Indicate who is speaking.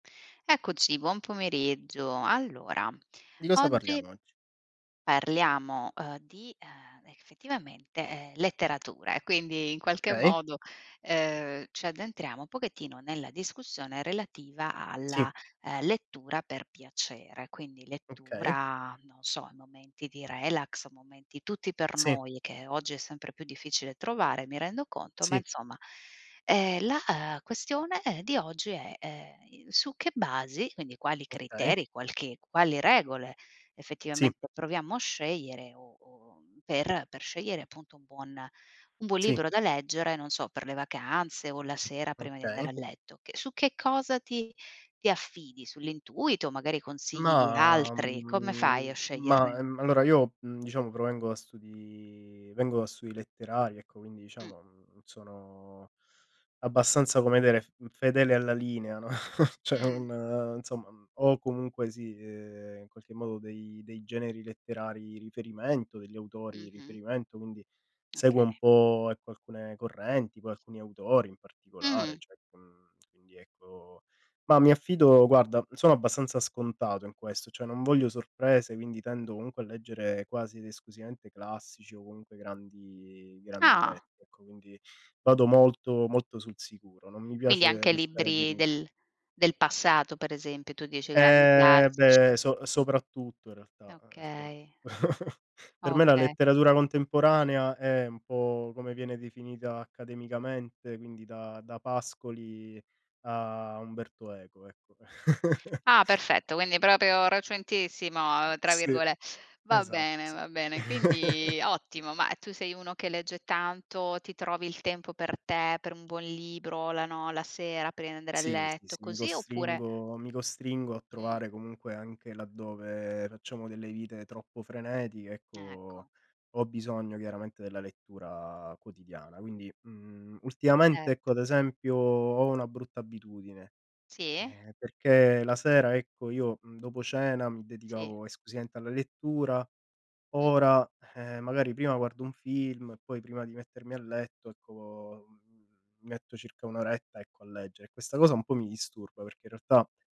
Speaker 1: Eccoci, buon pomeriggio. Allora,
Speaker 2: Di cosa
Speaker 1: oggi
Speaker 2: parliamo oggi?
Speaker 1: parliamo, uhm, di ehm, effettivamente letteratura e quindi in qualche
Speaker 2: Okay.
Speaker 1: modo, ehm, ci addentriamo un pochettino nella discussione relativa
Speaker 2: Sì.
Speaker 1: alla, ehm, lettura per piacere. Quindi
Speaker 2: Okay.
Speaker 1: lettura, non so, momenti di relax, momenti tutti per
Speaker 2: Sì.
Speaker 1: noi che oggi è sempre più difficile trovare, mi rendo conto, ma
Speaker 2: Sì.
Speaker 1: insomma, ehm, la questione, ehm, di oggi è, ehm, su che basi, quindi quali
Speaker 2: Okay.
Speaker 1: criteri, qualche quali regole
Speaker 2: Sì.
Speaker 1: effettivamente proviamo a scegliere o o per per scegliere appunto un buon un buon
Speaker 2: Sì.
Speaker 1: libro da leggere, non so per le vacanze o la sera prima di andare a
Speaker 2: Okay.
Speaker 1: letto. Che su che cosa ti ti affidi? Sull'intuito, magari consigli di
Speaker 2: Ma,
Speaker 1: altri, come fai a
Speaker 2: mhmm ma,
Speaker 1: sceglierne
Speaker 2: mhmm, allora io diciamo provengo da studi vengo da studi letterari, ecco, quindi
Speaker 1: Mh.
Speaker 2: diciamo mhmm non sono abbastanza, come dire, fedele alla linea, no, cioè
Speaker 1: Mh.
Speaker 2: non, insomma, ho comunque, sì, ehm, in qualche modo dei dei generi letterari riferimento, degli autori
Speaker 1: Mh-mh.
Speaker 2: riferimento, quindi
Speaker 1: Okay.
Speaker 2: seguo un po' ecco alcune correnti, poi alcuni autori in particolare,
Speaker 1: Mh.
Speaker 2: cioè, mhmm, quindi, ecco. Ma mi affido guarda, sono abbastanza scontato in questo, cioè, non voglio sorprese, quindi tendo comunque a leggere quasi ed esclusivamente classici o comunque grandi grandi
Speaker 1: Ah.
Speaker 2: testi, ecco, quindi vado molto, molto sul sicuro, non mi
Speaker 1: Quindi
Speaker 2: piace
Speaker 1: anche
Speaker 2: restare
Speaker 1: libri
Speaker 2: deluso.
Speaker 1: del del passato, per esempio, tu dici grandi
Speaker 2: Eh,
Speaker 1: classici.
Speaker 2: beh, so soprattutto in realtà, eh eh sopra
Speaker 1: Okay.
Speaker 2: Per me la
Speaker 1: Oka
Speaker 2: letteratura contemporanea è un po' come viene definita accademicamente, quindi da da Pascoli a Umberto Eco, ecco.
Speaker 1: Ah, perfetto, quindi proprio "recentissimo" tra
Speaker 2: Sì,
Speaker 1: virgole va
Speaker 2: esa
Speaker 1: bene,
Speaker 2: sì.
Speaker 1: va bene, quindi ottimo. Ma tu sei uno che legge tanto, ti trovi il tempo per te, per un buon libro, la no la sera, prima di andare a
Speaker 2: Sì, sì,
Speaker 1: letto
Speaker 2: sì, mi
Speaker 1: così, oppure
Speaker 2: costringo mi costringo a
Speaker 1: Mh.
Speaker 2: trovare comunque anche laddove facciamo delle vite troppo frenetiche, ecco,
Speaker 1: Ecco.
Speaker 2: ho bisogno chiaramente della lettura quotidiana. Quindi, mhmm, ultimamente
Speaker 1: Cet
Speaker 2: ecco ad esempio ho una brutta abitudine,
Speaker 1: Sì.
Speaker 2: ehm perché la sera ecco io mhmm dopo cena mi
Speaker 1: Sì.
Speaker 2: dedicavo esclusivamente alla lettura,
Speaker 1: Mh.
Speaker 2: ora ehm, magari prima guardo un film e poi prima di mettermi a letto ecco, mhmm, mi metto circa 1 oretta ecco a leggere. Questa cosa un po' mi disturba, perché in realtà